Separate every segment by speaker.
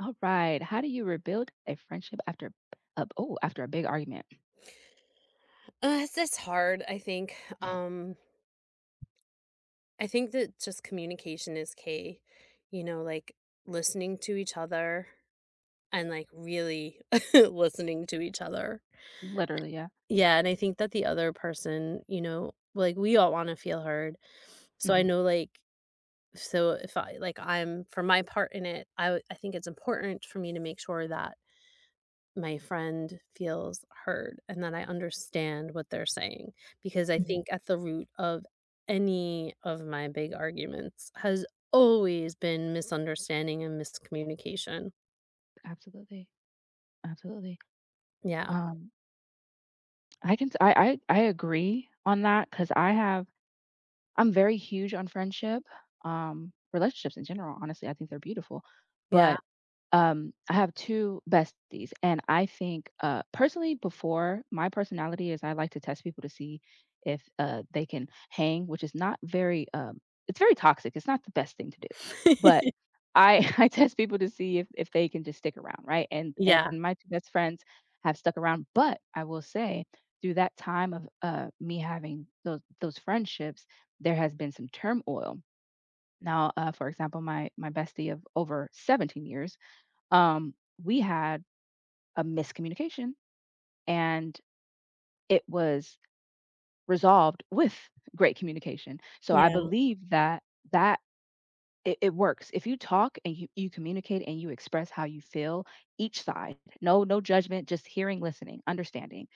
Speaker 1: Alright, how do you rebuild a friendship after a b oh, after a big argument?
Speaker 2: Uh, it's just hard, I think. Um I think that just communication is key. You know, like listening to each other and like really listening to each other.
Speaker 1: Literally, yeah.
Speaker 2: Yeah, and I think that the other person, you know like we all wanna feel heard. So, I
Speaker 1: Mhm.
Speaker 2: know like so if I like I'm for my part in it, I w I think it's important for me to make sure that my friend feels heard and that I understand what they're saying. Because I
Speaker 1: Mhm.
Speaker 2: think at the root of any of my big arguments has always been misunderstanding and miscommunication.
Speaker 1: Absolutely. Absolutely.
Speaker 2: Yeah.
Speaker 1: Um I can sa I I I agree on that 'cause I have I'm very huge on friendship, um, relationships in general, honestly, I think they're beautiful.
Speaker 2: Yeah.
Speaker 1: But, um, I have 2 besties and I think uh, personally before, my personality is I like to test people to see if, uh, they can hang, which is not very, um it's very toxic, it's not the best thing to do. But I I test people to see if if they can just stick around, right? And and
Speaker 2: Yeah.
Speaker 1: my 2 best friends have stuck around, but I will say through that time of, uh, me having tho those friendships, there has been some turmoil. Now, uh, for example, my my bestie of over 17 years, um, we had a miscommunication and it was resolved with great communication. So, I
Speaker 2: Yeah.
Speaker 1: believe that that it it works, if you talk and y you communicate and you express how you feel, each side, no no judgment, just hearing, listening, understanding,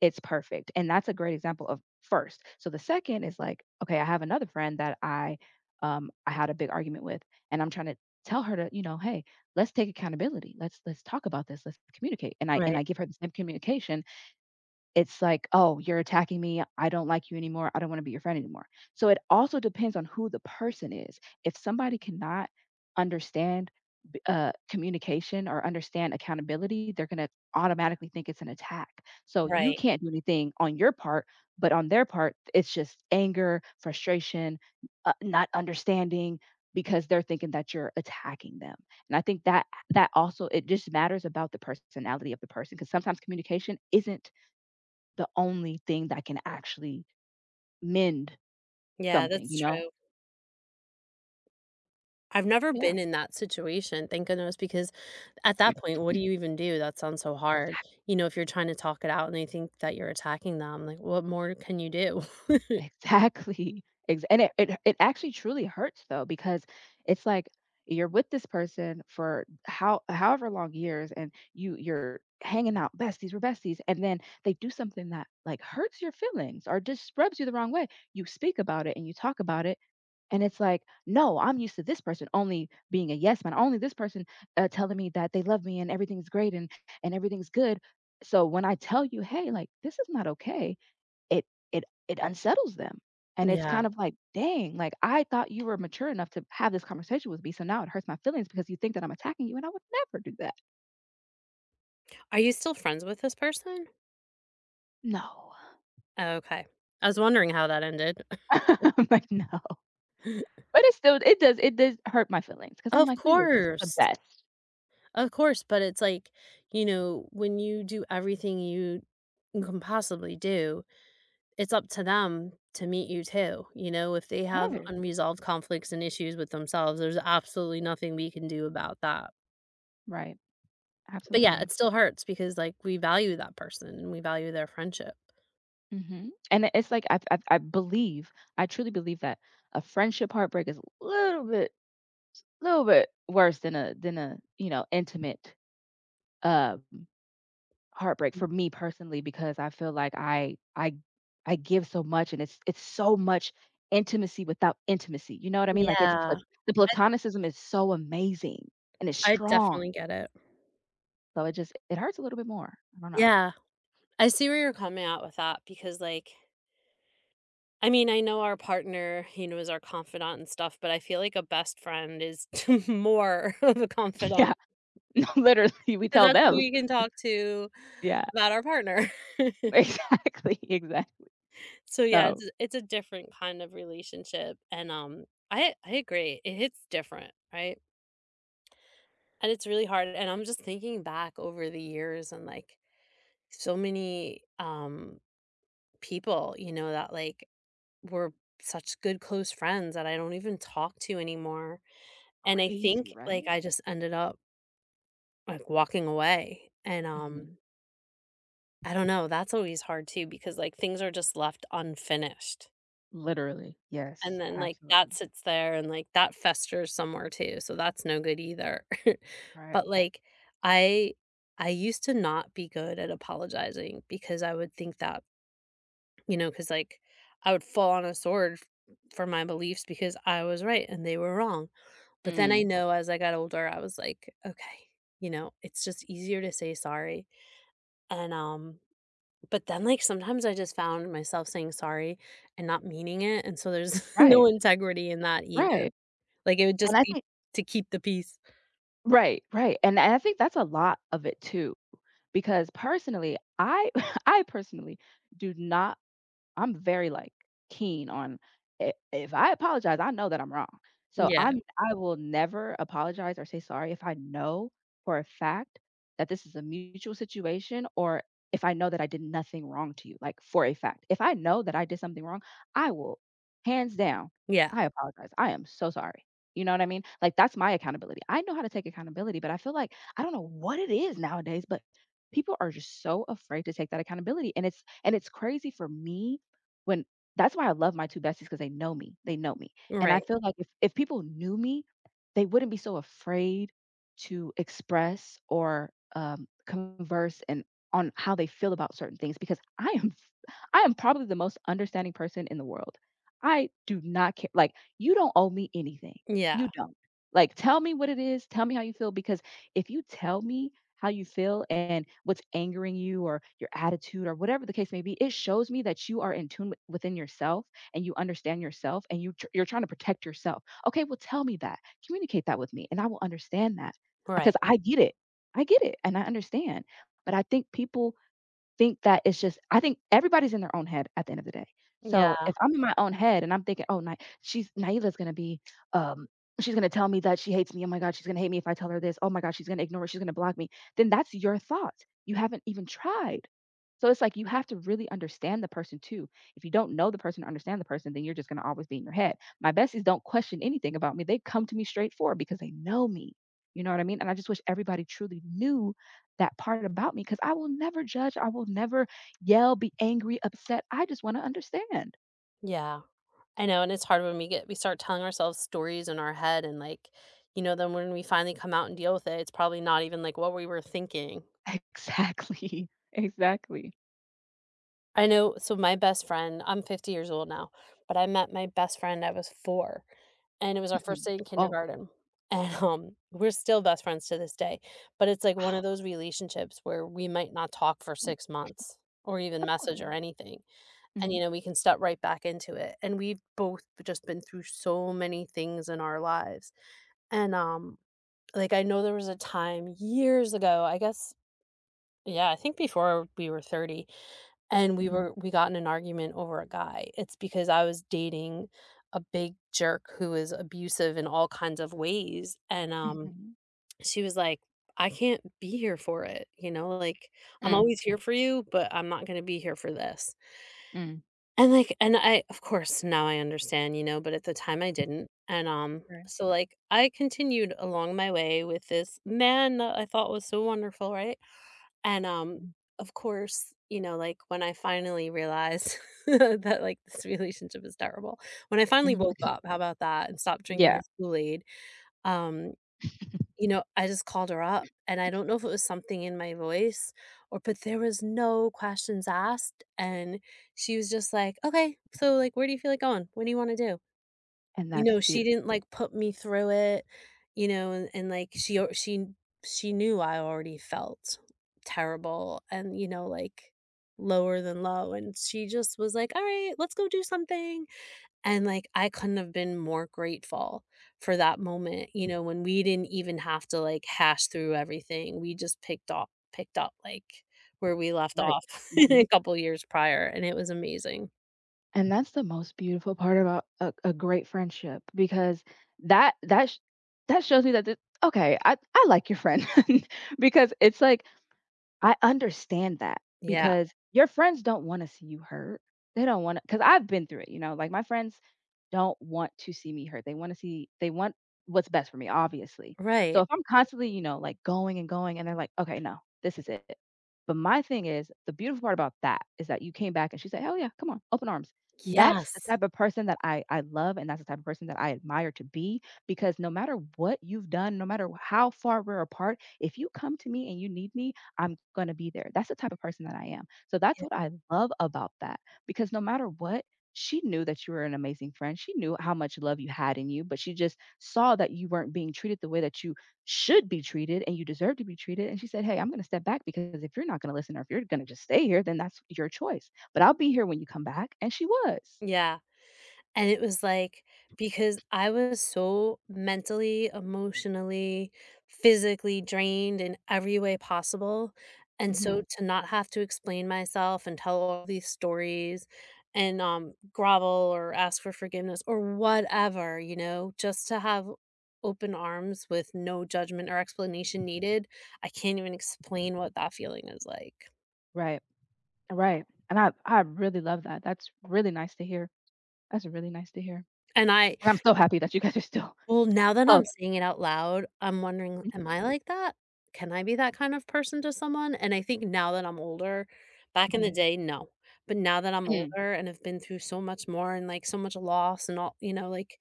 Speaker 1: it's perfect, and that's a great example of first. So, the second is, like okay, I have another friend that I um, I had a big argument with and I'm tryna tell her to, you know, "Hey, let's take accountability. Let's let's talk about this. Let's communicate." And I and
Speaker 2: Right.
Speaker 1: I give her the same communication. It's like, "Oh, you're attacking me. I don't like you anymore. I don't wanna be your friend anymore." So, it also depends on who the person is. If somebody cannot understand b uh, communication or understand accountability, they're gonna automatically think it's an attack. So, you
Speaker 2: Right.
Speaker 1: can't do anything on your part, but on their part it's just anger, frustration, n uh, not understanding because they're thinking that you're attacking them. And I think that h that also it just matters about the personality of the person 'cause sometimes communication isn't the only thing that can actually mend
Speaker 2: Yeah,
Speaker 1: something,
Speaker 2: that's
Speaker 1: you know?
Speaker 2: true. I've never
Speaker 1: Yeah.
Speaker 2: been in that situation- thank goodness- because at that point, what do you even do? That sounds so hard.
Speaker 1: Exac
Speaker 2: You know, if you're trying to talk it out and they think that you're attacking them, like what more can you do?
Speaker 1: Exactly, ex and it it it actually truly hurts though because it's like you're with this person for how however long years and you you're hanging out; "Besties we're besties," and then they do something that, like, hurts your feelings or just rubs you the wrong way. You speak about it and you talk about it and it's like, "No, I'm used to this person only being a yes man, only; this person, uh, telling me that they love me and everything's great and a and everything's good." So when I tell you, "Hey," like, "this is not okay," it it it unsettles them and it's kind
Speaker 2: Yeah.
Speaker 1: of like, "Dang, like, I thought you were mature enough to have this conversation with me, so now it hurts my feelings because you think that I'm attacking you and I would never do that."
Speaker 2: Are you still friends with this person?
Speaker 1: No.
Speaker 2: Oh, okay. I was wondering how that ended.
Speaker 1: No. I'm like, no. But it still it does it does hurt my feelings 'cause I'm
Speaker 2: Of
Speaker 1: like, we were just the
Speaker 2: course.
Speaker 1: best.
Speaker 2: Of course, but it's like, you know, when you do everything you can possibly do, it's up to them to meet you too. You know, if they have
Speaker 1: Right.
Speaker 2: unresolved conflicts and issues with themselves, there's absolutely nothing we can do about that.
Speaker 1: Right.
Speaker 2: But yeah,
Speaker 1: Absolutely.
Speaker 2: it still hurts because, like, we value that person and we value their friendship.
Speaker 1: Mhm. And i it's like I b I b I believe, I truly believe that a friendship heartbreak is a little bit little bit worse than a than a, you know, intimate, um, heartbreak
Speaker 2: Hmm.
Speaker 1: for me personally because I feel like I I g I give so much and it's it's so much intimacy without intimacy, you know what I mean? Like it's pla
Speaker 2: Yeah.
Speaker 1: the
Speaker 2: I
Speaker 1: platonicism is so amazing and it's
Speaker 2: I
Speaker 1: strong,
Speaker 2: definitely get it.
Speaker 1: So it just it hurts a little bit more. I don't know.
Speaker 2: Yeah. I see where you're coming at with that because like I mean, I know our partner, you know, is our confidant and stuff, but I feel like a best friend is mote of a confidant...
Speaker 1: Yeah. No, literally we
Speaker 2: 'cause
Speaker 1: tell
Speaker 2: that's
Speaker 1: them.
Speaker 2: who we can talk to
Speaker 1: Yeah.
Speaker 2: about our partner.
Speaker 1: Exactly, exactly.
Speaker 2: So yeah,
Speaker 1: So
Speaker 2: it's a it's a different kind of relationship and, um, I I agree. It hits different, right? And it's really hard, and I'm just thinking back over the years and like so many, um, people, you know, that, like, were such good, close friends that I don't even talk to anymore. And I think,
Speaker 1: Crazy,
Speaker 2: like,
Speaker 1: right?
Speaker 2: I just ended up Like walking away and, um
Speaker 1: Mhm.
Speaker 2: I don't know. That's always hard too because like things are just left unfinished
Speaker 1: Literally,
Speaker 2: and
Speaker 1: yes.
Speaker 2: then like that
Speaker 1: Absolutely.
Speaker 2: sits there and like that festers somewhere too, so that's no good either.
Speaker 1: Right.
Speaker 2: But like I I used to not be good at apologizing because I would think that you know, 'cause like I would fall on a sword f for my beliefs because I was right and they were wrong. But then I
Speaker 1: Mm.
Speaker 2: know as I got older, I was like, "Okay, you know, it's just easier to say sorry." And, um, but then like sometimes I just found myself saying "sorry" and not meaning it, and so there's no
Speaker 1: Right.
Speaker 2: integrity in that either.
Speaker 1: Right.
Speaker 2: Like it would just
Speaker 1: And I
Speaker 2: be
Speaker 1: think
Speaker 2: to keep the peace.
Speaker 1: Right. Right. And I I think that's a lot of it too because personally I I personally do not I'm very, like, keen on i if I apologize, I know that I'm wrong. So
Speaker 2: Yeah.
Speaker 1: I'm I will never apologize or say sorry if I know for a fact that this is a mutual situation or if I know that I did nothing wrong to you, like, for a fact. If I know that I did something wrong, I will, hands down,
Speaker 2: Yeah.
Speaker 1: "I apologize. I am so sorry." You know what I mean? Like, that's my accountability. I know how to take accountability, but I feel like I don't know what it is nowadays, but people are just so afraid to take that accountability, and it's and it's crazy for me when that's why I love my 2 besties, 'cause they know me. They know me. And I
Speaker 2: Right.
Speaker 1: feel like if if people knew me, they wouldn't be so afraid to express or, um, converse and on how they feel about certain things, because I am f I am probably the most understanding person in the world. I do not ca like, "You don't owe me anything.
Speaker 2: Yeah.
Speaker 1: You don't. Like, tell me what it is, tell me how you feel," because if you tell me how you feel and what's angering you or your attitude or whatever the case may be, it shows me that you are in tune w within yourself and you understand yourself and you tr you're trying to protect yourself. Okay, "Well, tell me that. Communicate that with me, and I will understand that," 'cause
Speaker 2: Right.
Speaker 1: I get it. I get it, and I understand. But I think people think that it's just I think everybody's in their own head at the end of the day. So
Speaker 2: Yeah.
Speaker 1: if I'm in my own head and I'm thinking, "Oh, Ny she's Nyela's gonna be, um, she's gonna tell me that she hates me. Oh my god, she's gonna hate me if I tell her this. Oh my god, she's gonna ignore she's gonna block me," then that's your thought. You haven't even tried. So it's like you have to really understand the person too. If you don't know the person or understand the person, then you're just gonna always be in your head. My besties don't question anything about me. They come to me straightforward because they know me. You know what I mean? And I just wish everybody truly knew that part about me, 'cause I will never judge, I will never yell, be angry, upset. I just wanna understand.
Speaker 2: Yeah. I know, and it's hard when we get we start telling ourselves stories in our head and, like, you know, then when we finally come out and deal with it, it's probably not even, like, what we were thinking.
Speaker 1: Exactly. Exactly.
Speaker 2: I know so, my best friend I'm 50 years old now, but I met my best friend I was 4, and it was our 1st
Speaker 1: Mhm
Speaker 2: day in
Speaker 1: Oh.
Speaker 2: kindergarten. And, um we're still best friends to this day, but it's like one of
Speaker 1: Oh.
Speaker 2: those relationships where we might not talk for 6 months, or even
Speaker 1: Of cour
Speaker 2: message,
Speaker 1: yeah.
Speaker 2: or anything, and, you
Speaker 1: Mhm.
Speaker 2: know, we can step right back into it, and we've both v just been through so many things in our lives. And, um, like, I know there was a time years ago, I guess Yeah, I think before we were 30, and we
Speaker 1: Mhm.
Speaker 2: were we got in an argument over a guy, it's because I was dating a big jerk who was abusive in all kinds of ways, and, um,
Speaker 1: Mhm.
Speaker 2: she was like, "I can't be here for it." You know, like, "I'm
Speaker 1: Mm.
Speaker 2: always here for you, but I'm not gonna be here for this."
Speaker 1: Mm.
Speaker 2: And, like and I, of course, now I understand, you know, but at the time I didn't, and, um,
Speaker 1: Right.
Speaker 2: so, like, I continued along my way with this man I thought was so wonderful, right? And, um,
Speaker 1: Mhm.
Speaker 2: of course, you know, like, when I finally realized that, like, "This relationship is terrible." When I finally
Speaker 1: Mm.
Speaker 2: woke up, how 'bout that? And stopped drinking
Speaker 1: Yeah.
Speaker 2: his Kool-Aid, um, you know, I just called her up, and I don't know if it was something in my voice or but, there was no questions asked, and she was just like, "Okay, so, like, where do you feel like going? What do you wanna do?"
Speaker 1: And
Speaker 2: You
Speaker 1: that's
Speaker 2: know,
Speaker 1: the
Speaker 2: she didn't,
Speaker 1: beautiful
Speaker 2: like, put me through it, you know, and and, like, she o she she knew I already felt terrible and, you know, like, lower than low, and she just was like, "Alright, let's go do something." And, like, I couldn't have been more grateful for that moment, you know, when we didn't even have to, like, hash through everything, we just picked op picked up, like, where we left
Speaker 1: Right.
Speaker 2: off
Speaker 1: Mhm.
Speaker 2: couple years prior, and it was amazing.
Speaker 1: And that's the most beautiful part about a a great friendship, because that that sh that shows me that the okay, I I like your friend, because it's, like, I understand that,
Speaker 2: Yeah.
Speaker 1: because your friends don't wanna see you hurt. They don't wanna 'cause I've been through it, you know? Like, my friends don't want to see me hurt. They wanna see they want what's best for me, obviously. So,
Speaker 2: Right.
Speaker 1: if I'm constantly, you know, like, going and going and they're, like, "Okay, no, this is it it." But my thing is, the beautiful part about that is that you came back and she said, "Hell yeah, come on," open arms. That's the
Speaker 2: Yes.
Speaker 1: type of person that I I love and that's the type of person that I admire to be, because no matter what you've done, no matter how far we're apart, if you come to me and you need me, I'm gonna be there. That's the type of person that I am. So, that's
Speaker 2: Yeah.
Speaker 1: what I love about that, because no matter what, she knew that you were an amazing friend, she knew how much love you had in you, but she just saw that you weren't being treated the way that you should be treated and you deserve to be treated, and she said, "Hey, I'm gonna step back because if you're not gonna listen or if you're gonna just stay here, then that's your choice. But I'll be here when you come back," and she was.
Speaker 2: Yeah. And it was, like because I was so mentally, emotionally, physically drained in every way possible, and
Speaker 1: Mhm.
Speaker 2: so to not have to explain myself and tell all these stories and, um, grovel or ask for forgiveness or whatever, you know, just to have open arms with no judgment or explanation needed, I can't even explain what that feeling is like.
Speaker 1: Right. Right, and I I really love that, that's really nice to hear. That's really nice to hear,
Speaker 2: And I
Speaker 1: and I'm so
Speaker 2: n
Speaker 1: happy that you guys are still
Speaker 2: Well, now that I'm
Speaker 1: close.
Speaker 2: saying it out loud, I'm wondering, am
Speaker 1: Mhm.
Speaker 2: I like that? Can I be that kind of person to someone? And I think now that I'm older back in the
Speaker 1: Mhm.
Speaker 2: day, no, but now that I'm
Speaker 1: Mm.
Speaker 2: older, and have been through so much more and, like, so much loss and all you know, like,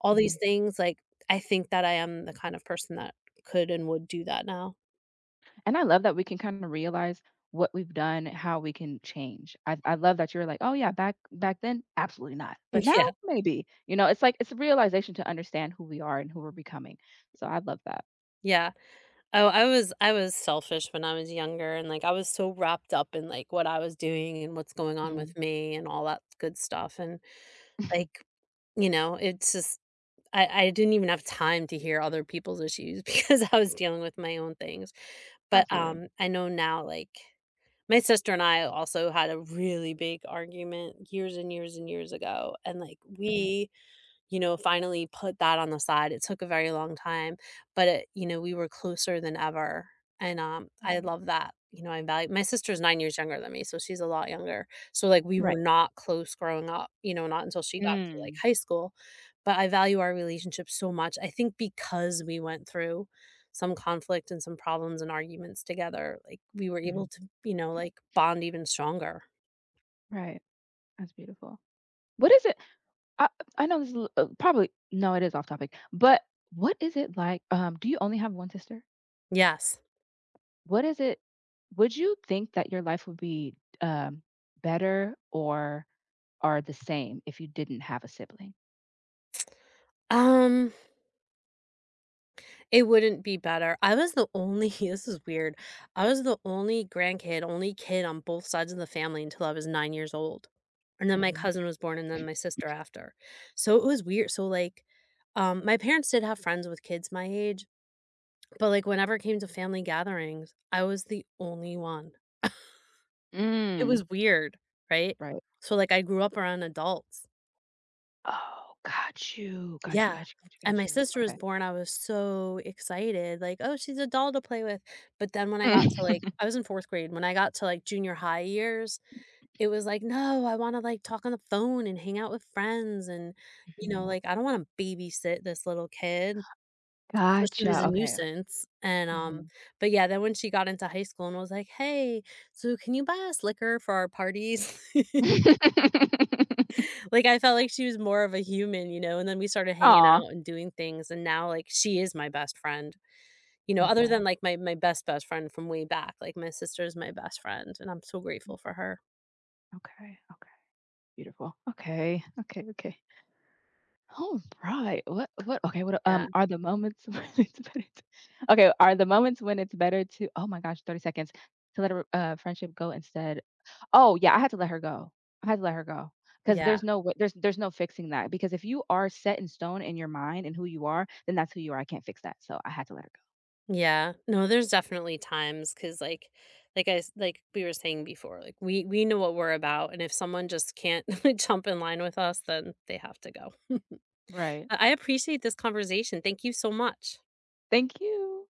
Speaker 2: all these
Speaker 1: Mhm.
Speaker 2: things, like, I think that I am the kind of person that could and would do that now.
Speaker 1: And I love that we can kinda realize what we've done, and how we can change. I I love that you were like, "Oh yeah, back back then, absolutely not,
Speaker 2: N
Speaker 1: but now,
Speaker 2: yeah.
Speaker 1: maybe." You know? It's like it's a realization to understand who we are, and who we're becoming, so, I love that.
Speaker 2: Yeah. Oh, I was I was selfish when I was younger, and, like, I was so wrapped up in, like, what I was doing, and what's going on with
Speaker 1: Mhm.
Speaker 2: me, and all that good stuff, and,
Speaker 1: Mhm.
Speaker 2: like, you know, it's just I I didn't even have time to hear other people's issues, because I was dealing with my own things, but,
Speaker 1: Absolutely.
Speaker 2: um, I know now, like my sister and I also had a really big argument years and years and years ago, and, like
Speaker 1: Mhm.
Speaker 2: we, you know, finally put that on the side. It took a very long time, but it you know, we were closer than ever, and, um, I
Speaker 1: Mhm.
Speaker 2: love that. You know, I value my sister's 9 years younger than me, so she's a lot younger. So, like, we were
Speaker 1: Right.
Speaker 2: not close growing up, you know, not until she got to, like,
Speaker 1: Mm.
Speaker 2: high school. But I value our relationship so much, I think because we went through some conflict and some problems and arguments together, like, we were able
Speaker 1: Mhm.
Speaker 2: to, you know, like, bond even stronger.
Speaker 1: Right. That's beautiful. What is it I I know this is a l uh, probably no, it is off-topic, but what is it like, um, do you only have 1 sister?
Speaker 2: Yes.
Speaker 1: What is it would you think that your life would be, um, better or or the same if you didn't have a sibling?
Speaker 2: Um it wouldn't be better. I was the only h this is weird. I was the only grandkid, only kid on both sides of the family until I was 9 years old, and then my
Speaker 1: Mhm.
Speaker 2: cousin was born and then my sister after. So it was weird. So like, um, my parents did have friends with kids my age, but like whenever it came to family gatherings, I was the only one. It
Speaker 1: Mm.
Speaker 2: was weird, right?
Speaker 1: Right.
Speaker 2: So like I grew up around adults.
Speaker 1: Oh, got you. Got you,
Speaker 2: Yeah.
Speaker 1: got you, got you,
Speaker 2: And
Speaker 1: got
Speaker 2: my
Speaker 1: you.
Speaker 2: sister was
Speaker 1: Okay.
Speaker 2: born, I was so excited. Like, "Oh, she's a doll to play with." But then when I
Speaker 1: M
Speaker 2: got to like I was in fourth grade. When I got to like junior-high years, it was like, "No, I wanna like talk on the phone and hang out with friends," and, you know,
Speaker 1: Mhm.
Speaker 2: like, "I don't wanna babysit this little kid." So she was
Speaker 1: Gotcha.
Speaker 2: a
Speaker 1: Okay.
Speaker 2: nuisance and, um,
Speaker 1: Mhm.
Speaker 2: but yeah, then when she got into high school and was like, "Hey, so can you buy us liquor for our parties?" Like I felt like she was more of a human, you know? And then we started hanging
Speaker 1: Aw.
Speaker 2: out and doing things, and now like she is my best friend. You know,
Speaker 1: Love
Speaker 2: other
Speaker 1: that.
Speaker 2: than like my my best best friend from way back, like my sister is my best friend and I'm so grateful for her.
Speaker 1: Okay, okay. Beautiful. Okay. Okay, okay. Alright. What what Okay, what, u
Speaker 2: Yeah.
Speaker 1: um, are the moments when it's better to okay, are the moments when it's better to oh my gosh, 30 seconds. To let a r uh, friendship go instead. Oh, yeah, I had to let her go. I had to let her go, 'cause
Speaker 2: Yeah.
Speaker 1: there's no wa there's there's no fixing that. Because if you are set in stone in your mind in who you are, then that's who you are. I can't fix that, so I had to let her go.
Speaker 2: Yeah. No, there's definitely times 'cause like, like I s like we were saying before, like we we know what we're about and if someone just can't jump in line with us, then they have to go.
Speaker 1: Right.
Speaker 2: But I appreciate this conversation. Thank you so much.
Speaker 1: Thank you!